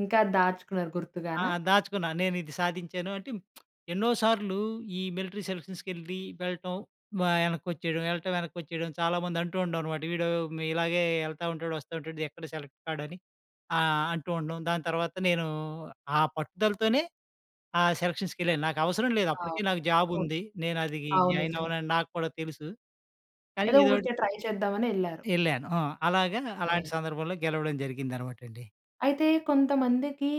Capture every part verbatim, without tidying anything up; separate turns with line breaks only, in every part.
ఇంకా దాచుకున్నారు
ఆ!
గుర్తుగానా?
దాచుకున్నాను. నేనిది సాధించాను అంటే ఎన్నో సార్లు ఈ మిలిటరీ సెలక్షన్స్‌కెళ్లి వెళ్ళటం వా యనకోచ్చేయడం. వెళ్ళటం యెనక్కిచ్చేయడం చాలా మంది అంటూ ఉంటాం అన్నమాట. వీడు ఇలాగే యెళ్తా ఉంటాడు వస్తా ఉంటాడు ఎక్కడ సెలెక్ట్ కాడు అని ఆహ్, అంటూ ఉండటం. దాని తర్వాత నేను ఆ పట్టుదలతోనే ఆ సెలక్షన్స్‌కెళ్ళాను. నాకవసరం లేదు.
అవును.
అప్పటికే నాకు జాబ్
అవును.
ఉంది. నేను అది
అవును.
జాయిన్
నిజమే.
అవ్వనని నాకు కూడా తెలుసు. కానీ
ఏదో
ఏదోకటి
ఊరికే ట్రై చేద్దామనెళ్ళారు.
యెళ్ళాను. ఆ! అలాగా, అలాంటి
వే
సందర్భంలో గెలవడం జరిగిందనమాటండి.
అయితే కొంతమందికి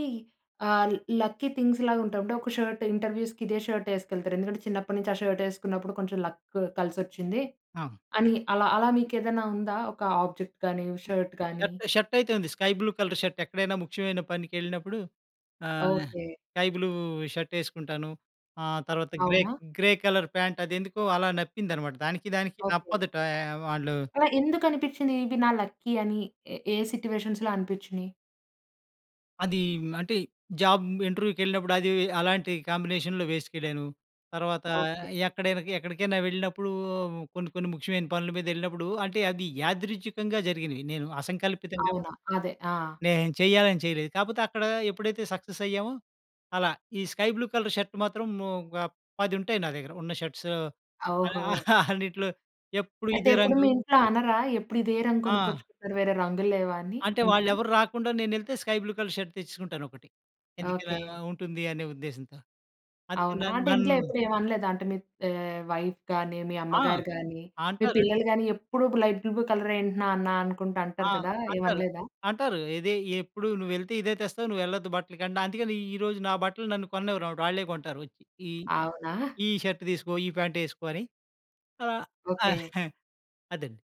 ఆహ్, లక్కీ థింగ్స్ లాగా ఉంటాయి. అంటే ఒక షర్ట్ ఇంటర్‌వ్యూస్‌కి ఇదే షర్ట్ ఎసుకెళ్తారు. ఎందుకంటే చిన్నప్పటి నుంచి ఆ షర్ట్ వేసుకున్నప్పుడు కొంచెం లక్ కలిసొచ్చింది.
ఆ!
అని అలా అలా మీకు ఏదైనా ఉందా, ఒక ఆబ్జెక్ట్ గానీ షర్ట్ గానీ?
షర్ట్ షర్ట్ అయితే ఉంది. స్కై బ్లూ కలర్ షర్ట్ ఎక్కడైనా ముఖ్యమైన పనికెళ్ళినప్పుడు ah,
okay.
Sky blue shirt యేసుకుంటాను. ఆహ్, తర్వాత గ్రే
అవునా?
గ్రే కలర్ పాంట్ అది ఎందుకో అలా నప్పిందనమాట దానికి దానికి
ఓకే.
నప్పదటా ఆహ్, వాళ్ళు
అలా ఎందుకనిపిచ్చింది? ఇవి నా లక్కీ అని ఏ ఏ సిట్యుయేషన్స్‌లో అనిపిచ్చినియి?
అది అంటే, జాబ్ ఇంటర్‌వ్యూకెళ్ళినప్పుడు అది అలాంటి కాంబినేషన్‌లో వేసుకెళ్ళను. తర్వాత
ఓకే.
ఎక్కడైనా ఎక్కడికైనా వెళ్ళినప్పుడు కొన్ని కొన్ని ముఖ్యమైన పనుల మీద యెళ్ళినప్పుడు అంటే, అది యాదృచ్చికంగా జరిగినవి. నేను అసంకల్పితంగా
అవునా? అదే. ఆ!
నేను చెయ్యాలని చేయలేదు. కాపోతే అక్కడ ఎప్పుడైతే సక్సెస్ అయ్యామో అలా. ఈ స్కై బ్లూ కలర్ షర్ట్ మాత్రం ఒక పది ఉంటాయి నా దగ్గర. ఉన్న షర్ట్స్
ఓహో!
అన్నిట్లో ఎప్పుడూ
అయితే
ఇదే
ఎప్పుడు మీ
రంగు
ఇంట్లో అనరా? ఎప్పుడు ఇదే రంగు
ఆ!
కొనుక్కొచ్చుకుంటారు వేరే రంగులు లేవా అని,
అంటే
ఇంట్లో?
వాళ్ళెవరు రాకుండా నేనెళ్తే స్కై బ్లూ కలర్ షర్ట్ తెచ్చేసుకుంటాను ఒకటి. ఎందుకు ఇలా
ఓకే.
ఉంటుంది అనే ఉద్దేశంతో అందుకే న
అవునా? అంటే
నన్
ఇంట్లో ఎప్పుడు ఏమి అనలేదా? అంటే మీ ఆహ్, వైఫ్ గాని, మీ
ఆ!
అమ్మగారు గాని, మీ
అంటారు.
పిల్లలు గాని ఎప్పుడు లైట్ బ్లూ కలర్ ఏంటి నాన్న? అనుకుంట
ఆ!
అంటారు కదా!
అంటారు.
ఏమనలేదా?
అంటారు. ఇదే ఎప్పుడు నువ్వెళ్తే ఇదే తెస్తావు. నువ్వెళ్ళొద్దు బట్టలకి అందుకని ఈరోజు నా బట్టలు నన్ను కొననివ్వరమాట వాళ్ళే కొంటారు వచ్చి. ఈ
అవునా?
ఈ షర్ట్ తీసుకో, ఈ ప్యాంట్ యేసుకో అని. ఆహ్,
ఓకే.
అదండి.